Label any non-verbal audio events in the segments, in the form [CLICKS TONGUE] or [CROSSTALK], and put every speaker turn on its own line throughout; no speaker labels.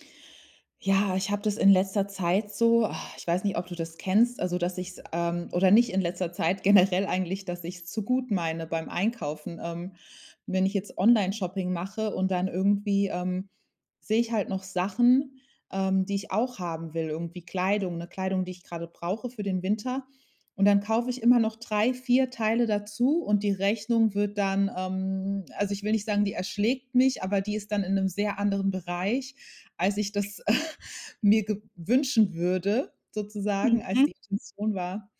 [CLICKS TONGUE] Ja, ich hab das in letzter Zeit so, [SIGHS] ich weiß nicht, ob du das kennst. Also, dass ich's, ähm oder nicht in letzter Zeit generell eigentlich dass ich's zu gut meine beim Einkaufen. Ähm, wenn ich jetzt Onlineshopping mache und dann irgendwie, ähm, sehe ich halt noch Sachen, ähm, die ich auch haben will, irgendwie Kleidung, 'ne Kleidung, die ich gerade brauche für den Winter. Und dann kaufe ich immer noch 3, 4 Teile dazu und die Rechnung wird dann, ähm Also ich will nicht sagen, die erschlägt mich, aber die ist dann in 'nem sehr anderen Bereich, als ich das [LAUGHS] mir ge wünschen würde sozusagen, als
Mhm.
die Intention war,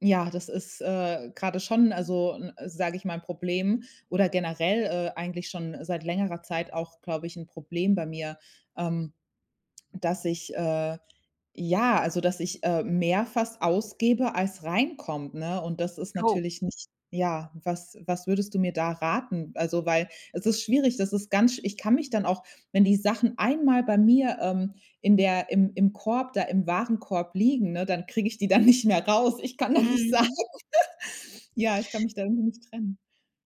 ja das ist, äh, gerade schon, n also n sage ich mal, 'n Problem oder generell, äh, eigentlich schon seit längerer Zeit auch, glaube ich, 'n Problem bei mir, ähm, dass ich, äh ja, also dass ich, äh, mehr fast ausgebe als reinkommt, ne. Und das ist
Oh
natürlich nicht Ja, was was würdest du mir da raten? Also, weil es ist schwierig, das ist ganz Ich kann mich dann auch wenn die Sachen einmal bei mir, ähm, in der im im Korb da im Warenkorb liegen, ne, dann kriege ich die dann nicht mehr raus. Ich kann da nicht sein.
Mhm.
[LAUGHS] Ja, ich kann mich da irgendwie nicht trennen.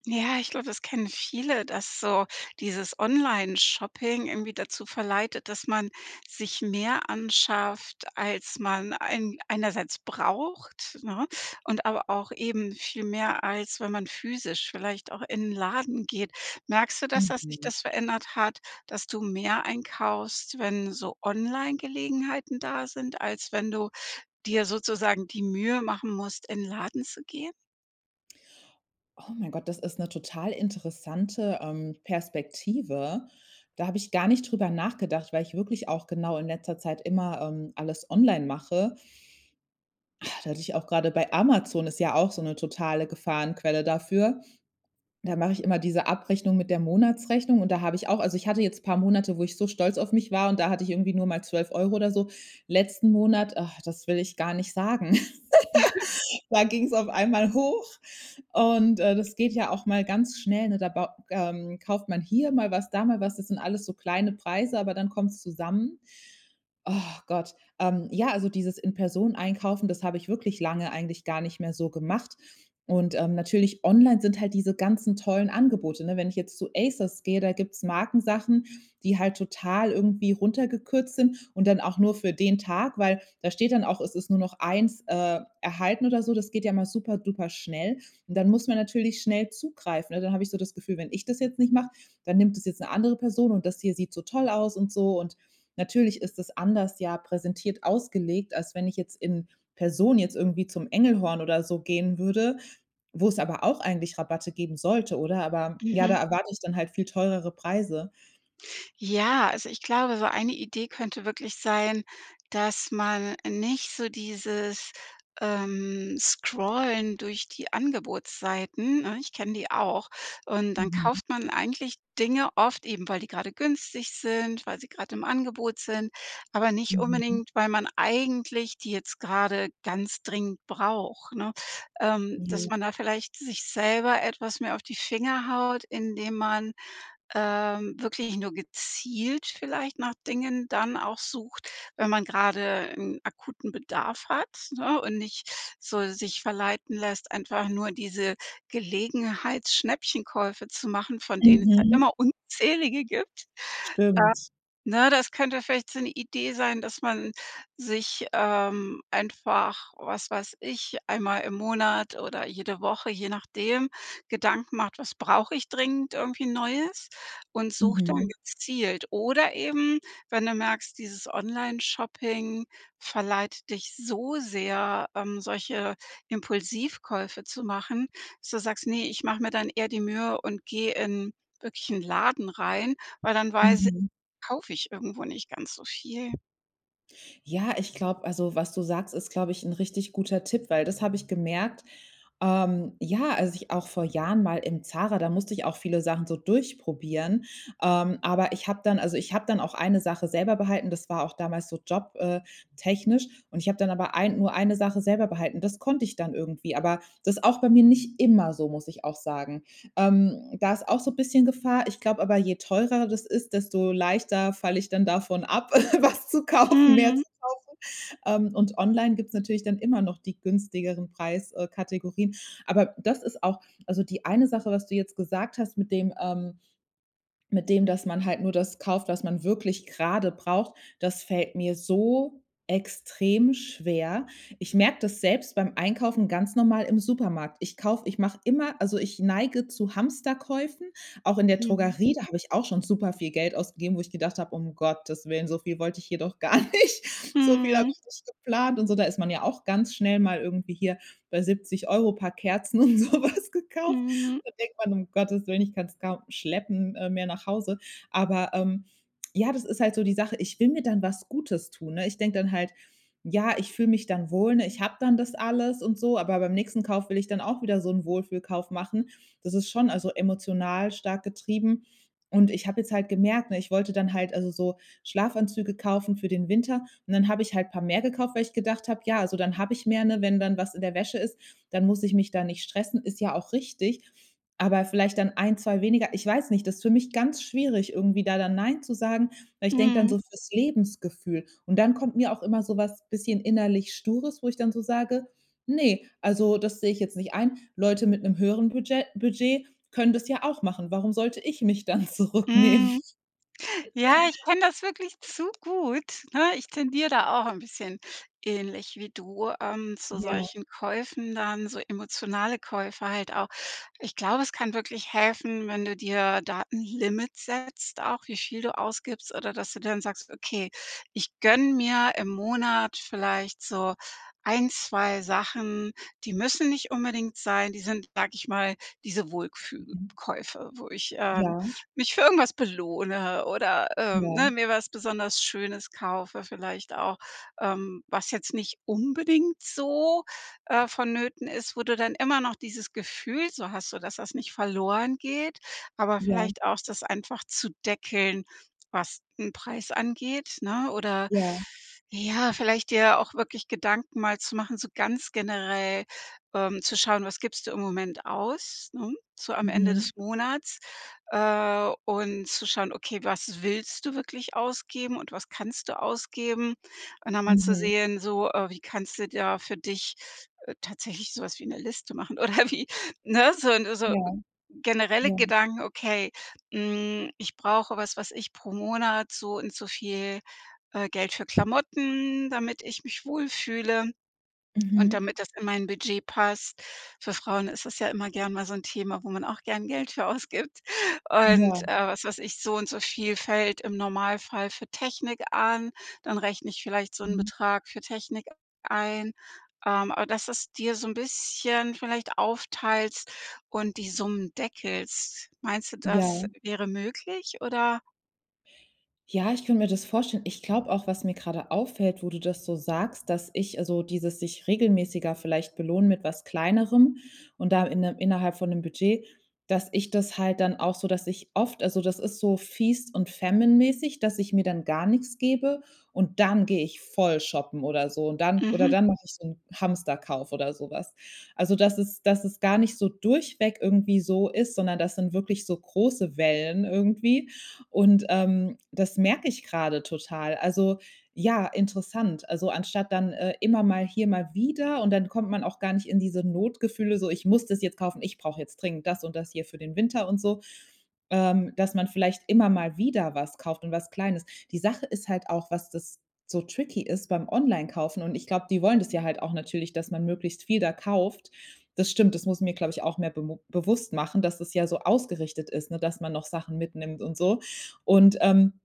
Ja, ich glaub, das kennen viele, dass so dieses Onlineshopping irgendwie dazu verleitet, dass man sich mehr anschafft, als man ein einerseits braucht, ne? Und aber auch eben viel mehr, als wenn man physisch vielleicht auch in 'n Laden geht. Merkst du das, dass sich
Mhm.
das verändert hat, dass du mehr einkaufst, wenn so Onlinegelegenheiten da sind, als wenn du dir sozusagen die Mühe machen musst, in 'n Laden zu gehen?
Oh mein Gott, das ist 'ne total interessante, ähm, Perspektive. Da habe ich gar nicht drüber nachgedacht, weil ich wirklich auch genau in letzter Zeit immer, ähm, alles online mache. [SIGHS] Da hätte ich auch gerade bei Amazon ist ja auch so 'ne totale Gefahrenquelle dafür. Da mache ich immer diese Abrechnung mit der Monatsrechnung und da habe ich auch also ich hatte jetzt paar Monate, wo so stolz auf mich war und da hatte ich irgendwie nur mal 12 € oder so. Letzten Monat, ach, das will ich gar nicht sagen
[LAUGHS]
[LAUGHS] Da ging's auf einmal hoch. Und äh, das geht ja auch mal ganz schnell, ne. Da baut ähm, kauft man hier mal was, da mal was. Das sind alles so kleine Preise, aber dann kommt's zusammen. [SIGHS] Oh Gott. Ähm. ja, also dieses in Person Einkaufen, das habe ich wirklich lange eigentlich gar nicht mehr so gemacht. Und ähm, natürlich online sind halt diese ganzen tollen Angebote, ne? Wenn ich zu Asos gehe, da gibt's Markensachen, die halt total irgendwie runtergekürzt sind und dann auch nur für den Tag, weil da steht dann auch, es ist nur noch 1 äh, erhalten oder so. Das geht ja mal superduper schnell. Und dann muss man natürlich schnell zugreifen, ne? Dann habe ich so das Gefühl: „Wenn ich das jetzt nicht mache, dann nimmt das jetzt 'ne andere Person und das hier sieht so toll aus“ und so. Und natürlich ist das anders ja präsentiert ausgelegt, als wenn ich jetzt in Person jetzt irgendwie zum Engelhorn oder so gehen würde, wo es aber auch eigentlich Rabatte geben sollte, oder? Aber ja, da
Mhm.
erwarte ich dann halt viel teurere Preise.
Ja, also ich glaube, so eine Idee könnte wirklich sein, dass man nicht so dieses, ähm, Scrollen durch die Angebotsseiten- ne, ich kenne die auch- und dann
Mhm.
kauft man eigentlich Dinge oft eben, weil die gerade günstig sind, weil sie gerade im Angebot sind, aber nicht
Mhm.
unbedingt, weil man eigentlich die jetzt gerade ganz dringend braucht, ne, ähm. Dass
Jo.
man da vielleicht sich selber etwas mehr auf die Finger haut, indem man, ähm, wirklich nur gezielt vielleicht nach Dingen dann auch sucht, wenn man gerade 'n akuten Bedarf hat, ne, und nicht so sich verleiten lässt, einfach nur diese Gelegenheitsschnäppchenkäufe zu machen, von denen es ja
Mhm.
immer unzählige gibt. Äh.
Stimmt.
Ne, das könnte vielleicht so 'ne Idee sein, dass man sich, ähm, einfach, was weiß ich, einmal im Monat oder jede Woche, je nachdem, Gedanken macht, was brauche ich dringend irgendwie Neues und sucht dann
Mhm.
gezielt. Oder eben, wenn du merkst, dieses Onlineshopping verleitet dich so sehr, ähm, solche Impulsivkäufe zu machen, dass du sagst: „Ne, ich mache mir dann eher die Mühe und gehe in wirklichen in Laden rein“, weil dann weiß ich,
Mhm.
kaufe ich irgendwo nicht ganz so viel.
Ja, ich glaub also was du sagst, ist, glaube ich 'n richtig guter Tipp, weil das habe ich gemerkt, ähm. Ja, also ich auch vor Jahren mal im ZARA da musste ich auch viele Sachen so durchprobieren. Ähm, aber ich habe dann also ich habe dann auch eine Sache selber behalten, das war auch damals so job äh technisch. Und ich habe dann aber ein nur eine Sache selber behalten. Das konnte ich dann irgendwie. Aber das ist auch bei mir nicht immer so, muss ich auch sagen. Ähm, da ist auch so bisschen Gefahr. Ich glaube aber, je teurer das ist, desto leichter falle ich dann davon ab, [LAUGHS] was zu kaufen, mehr zu
Mhm.
kaufen. Ähm, und online gibt's natürlich dann immer noch die günstigeren Preis äh Kategorien. Aber das ist auch Also, die eine Sache, was du jetzt gesagt hast mit dem, ähm mit dem, dass man halt nur das kauft, was man wirklich gerade braucht, das fällt mir so extrem schwer. Ich merke das selbst beim Einkaufen ganz normal im Supermarkt. Ich kauf ich mache immer also, ich neige zu Hamsterkäufen. Auch in der
Mhm.
Drogerie, da habe ich auch schon superviel Geld ausgegeben, wo ich gedacht habe: „Um Gottes Willen, so viel wollte ich hier doch gar nicht. So viel habe
Mhm.
ich nicht geplant und so.“ Da ist man ja auch ganz schnell mal irgendwie hier bei 70 € paar Kerzen und so was gekauft.
Mhm.
Da denkt man: „Um Gottes Willen, ich kann's kaum schleppen mehr nach Hause.“ Aber, ähm, ja, das ist halt so die Sache, ich will mir dann was Gutes tun, ne? Ich denke dann halt, ja, ich fühle mich dann wohl, ne? Ich habe dann das alles und so, aber beim nächsten Kauf will ich dann auch wieder so 'n Wohlfühlkauf machen. Das ist schon also emotional stark getrieben. Und ich habe jetzt halt gemerkt, ne, ich wollte dann halt also so Schlafanzüge kaufen für den Winter- und dann habe ich halt paar mehr gekauft- weil ich gedacht habe, ja, also dann habe ich mehr, ne? Wenn dann was in der Wäsche ist, dann muss ich mich da nicht stressen, ist ja auch richtig. Aber vielleicht dann 1, 2 weniger. Ich weiß nicht, das ist für mich ganz schwierig, irgendwie da dann „nein“ zu sagen. Weil ich denke dann
Mhm.
so fürs Lebensgefühl. Und dann kommt mir auch immer so was bisschen innerlich Stures, wo ich dann so sage: „Ne, also das sehe ich jetzt nicht ein. Leute mit 'nem höheren Budget Budget können das ja auch machen. Warum sollte ich mich dann zurücknehmen?
Mhm. Ja, ich
[CHUCKLES]
kenne das wirklich zu gut, ne? Ich tendiere da auch 'n bisschen- ähnlich wie du- ähm, zu
Ja.
solchen Käufen dann, so emotionale Käufer halt auch. Ich glaube, es kann wirklich helfen, wenn du dir Datenlimits setzt auch, wie viel du ausgibst oder dass du dann sagst: „Okay ich gönne mir im Monat vielleicht so 1, 2 Sachen, die müssen nicht unbedingt sein.“ Die sind, sage ich mal, diese
Mhm.
„Wohlfühl-Käufe“ wo ich, ähm,
Ja.
mich für irgendwas belohne oder, ähm,
Ja.
ne? Mir was besonders Schönes kaufe, vielleicht auch, ähm, was jetzt nicht unbedingt so, äh, vonnöten ist, wo du dann immer noch dieses Gefühl so hast, so dass das nicht verloren geht, aber
Ja.
vielleicht auch das einfach zu deckeln, was den Preis angeht, ne oder
Ja.
ja, [SIGHS] vielleicht dir auch wirklich Gedanken mal zu machen, so ganz generell, ähm, zu schauen: Was gibst du im Moment aus, ne? So am Ende
Mhm.
des Monats, äh, und zu schauen: Okay, was willst du wirklich ausgeben und was kannst du ausgeben? Und dann mal zu
Mhm.
sehen, so, äh, wie kannst du da für dich tatsächlich sowas wie 'ne Liste machen oder wie, ne, so 'n so
Ja.
generelle
Ja.
Gedanken, okay, hm: „Ich brauche was, was ich pro Monat, so und so viel, äh, Geld für Klamotten, damit ich mich wohlfühle und
Mhm.
damit das in mein Budget passt.“ Für Frauen ist es ja immer gern mal so 'n Thema, wo man auch gern Geld für ausgibt. [CHUCKLES]
Ja.
Und, äh, was weiß ich, so und so viel fällt im Normalfall für Technik an, dann rechne ich vielleicht so 'n
Mhm.
Betrag für Technik a ein, ähm, aber dass das dir so 'n bisschen vielleicht aufteilst und die Summen deckelst. Meinst du, das
Ja.
wäre möglich, oder?
Ja, ich könnt mir das vorstellen. Ich glaub auch, was mir grade auffällt, wo du das so sagst, dass ich also dieses sich regelmäßiger vielleicht belohnen mit was Kleinerem und da inne innerhalb von 'nem Budget, dass ich das halt dann auch so dass ich oft also das ist so Feast und Famine mäßig, dass ich mir dann gar nix gebe und dann gehe ich voll shoppen oder so. Und dann oder
Mhm.
dann mach ich so 'n Hamsterkauf oder so was. Also dass es dass es gar nicht so durchweg irgendwie so ist, sondern das sind wirklich so große Wellen irgendwie. Und, ähm, das merk ich grade total. Also ja, interessant. Also, anstatt dann, äh, immer mal hier, mal wieder und dann kommt man auch gar nicht in diese Notgefühle, so: „Ich muss das jetzt kaufen. Ich brauch jetzt dringend das und das hier für den Winter und so.“ Ähm, dass man vielleicht immer mal wieder was kauft und was Kleines. Die Sache ist halt auch, was das so tricky ist beim Onlinekaufen, und ich glaub, die wollen das ja halt auch natürlich, dass man möglichst viel da kauft. Das stimmt, das muss mir, glaub ich, auch mehr bemu bewusst machen, dass es ja so ausgerichtet ist, ne, dass man noch Sachen mitnimmt und so. Und, ähm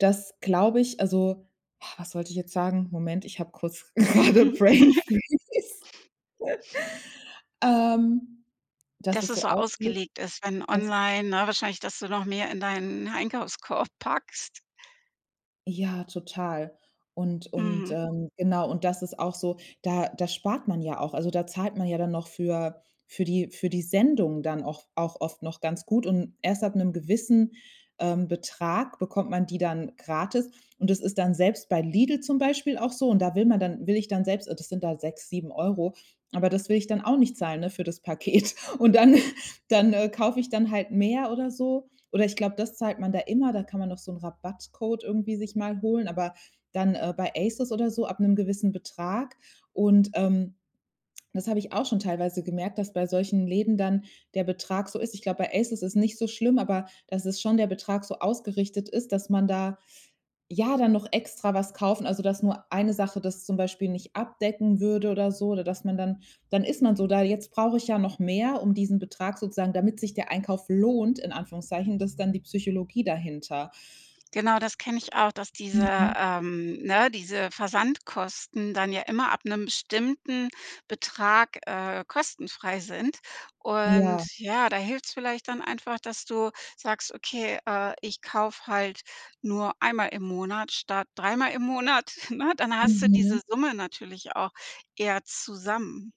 das glaube ich, also [SIGHS] was sollte ich jetzt sagen? Moment, ich hab kurz gerade
[LAUGHS]
gebrainfreeze [LAUGHS] Ähm, dass
Dass
es
es
so
so
aufgeht
ausgelegt ist, wenn
Dass
online, ne wahrscheinlich, dass du noch mehr in deinen Einkaufskorb packst.
Ja, total. Und und
Mhm.
ähm, genau und das ist auch so, da da spart man ja auch. Also, da zahlt man ja dann noch für für die für die Sendung dann auch auch oft noch ganz gut. Und erst ab 'nem gewissen, ähm, Betrag bekommt man die dann gratis. Und das ist dann selbst bei Lidl zum Beispiel auch so, und da will man dann will ich dann selbst, äh, das sind da 6 €, 7 €. Aber das will ich dann auch nicht zahlen, ne, für das Paket Und dann [LAUGHS] dann, äh, kaufe ich dann halt mehr oder so. Oder ich glaube, das zahlt man da immer. Da kann man doch so 'n Rabattcode irgendwie sich mal holen, aber dann äh, bei ASOS oder so ab 'nem gewissen Betrag. Und ähm, das habe ich auch schon teilweise gemerkt, dass bei solchen Läden dann der Betrag so ist. Ich glaube, bei ASOS ist nicht so schlimm, aber das ist schon der Betrag so ausgerichtet ist, dass man da, ja dann noch extra was kaufen also, dass nur eine Sache das zum Beispiel nicht abdecken würde oder so, oder dass man dann dann ist man so da. Jetzt brauche ich ja noch mehr, diesen Betrag sozusagen damit sich der Einkauf lohnt, in Anführungszeichen, das ist dann die Psychologie dahinter.
Genau das kenne ich auch, dass diese
Mhm.
ähm, ne, diese Versandkosten dann ja immer ab 'nem bestimmten Betrag, äh, kostenfrei sind. Und
Ja.
ja, da hilft's vielleicht dann einfach, dass du sagst: „Okay, äh, ich kaufe halt nur einmal im Monat statt dreimal im Monat, [CHUCKLES] ne? Dann hast du diese
Mhm.
Summe natürlich auch eher zusammen.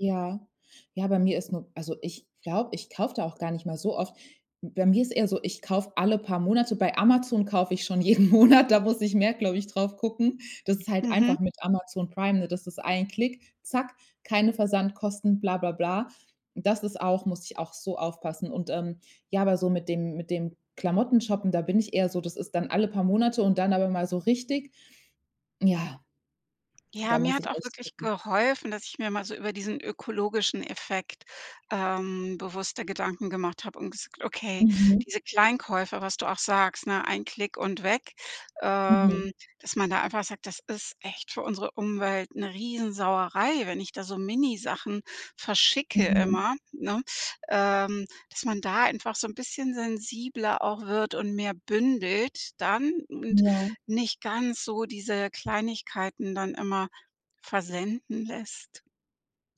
Ja. Ja, bei mir ist nur also ich glaube, ich kaufe da auch gar nicht mal so oft. Bei mir ist eher so, ich kaufe alle paar Monate. Bei Amazon kaufe ich schon jeden Monat, da muss ich mehr, glaube ich, darauf gucken. Das ist halt
Mhm.
einfach mit Amazon Prime, ne? Das ist ein Klick, zack, keine Versandkosten, blablabla. Und das ist auch muss ich auch so aufpassen. Und ähm, ja, aber so mit dem mit dem Klamotten shoppen, da bin ich eher so das ist dann alle paar Monate und dann aber mal so richtig, ja,
Ja,
da
mir
muss
hat
ich
auch
echt
wirklich
gucken
geholfen, dass ich mir mal so über diesen ökologischen Effekt, ähm, bewusster Gedanken gemacht habe und gesagt hab: „Okay,
Mhm.
diese Kleinkäufe, was du auch sagst, ne: ‚Ein Klick und weg‘,
Mhm.
ähm, dass man da einfach sagt: „Das ist echt für unsere Umwelt 'ne Riesensauerei, wenn ich da so Minisachen verschicke
Mhm.
immer, ne?“ ähm, dass man da einfach so 'n bisschen sensibler auch wird und mehr bündelt dann und
Ja.
nicht ganz so diese Kleinigkeiten dann immer versenden lässt.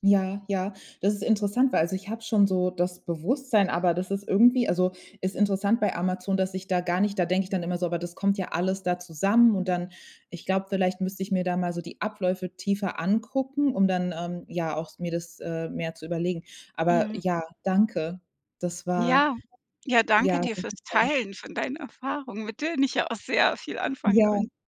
Ja. Ja, ja. Das ist interessant, weil also ich hab schon so das Bewusstsein, aber das ist irgendwie also ist interessant bei Amazon, dass ich da gar nicht da denke ich dann immer so: „Aber das kommt ja alles da zusammen.“ und dann, ich glaube, vielleicht müsste ich mir da mal so die Abläufe tiefer angucken, um dann, ähm, ja auch mir das, äh, mehr zu überlegen. Aber
Mhm.
ja, danke. Das war
Ja, ja danke
ja,
dir
sehr
fürs
hilfreich.
Teilen von deinen Erfahrungen, mit denen ich ja auch sehr viel anfangen konn
Ja.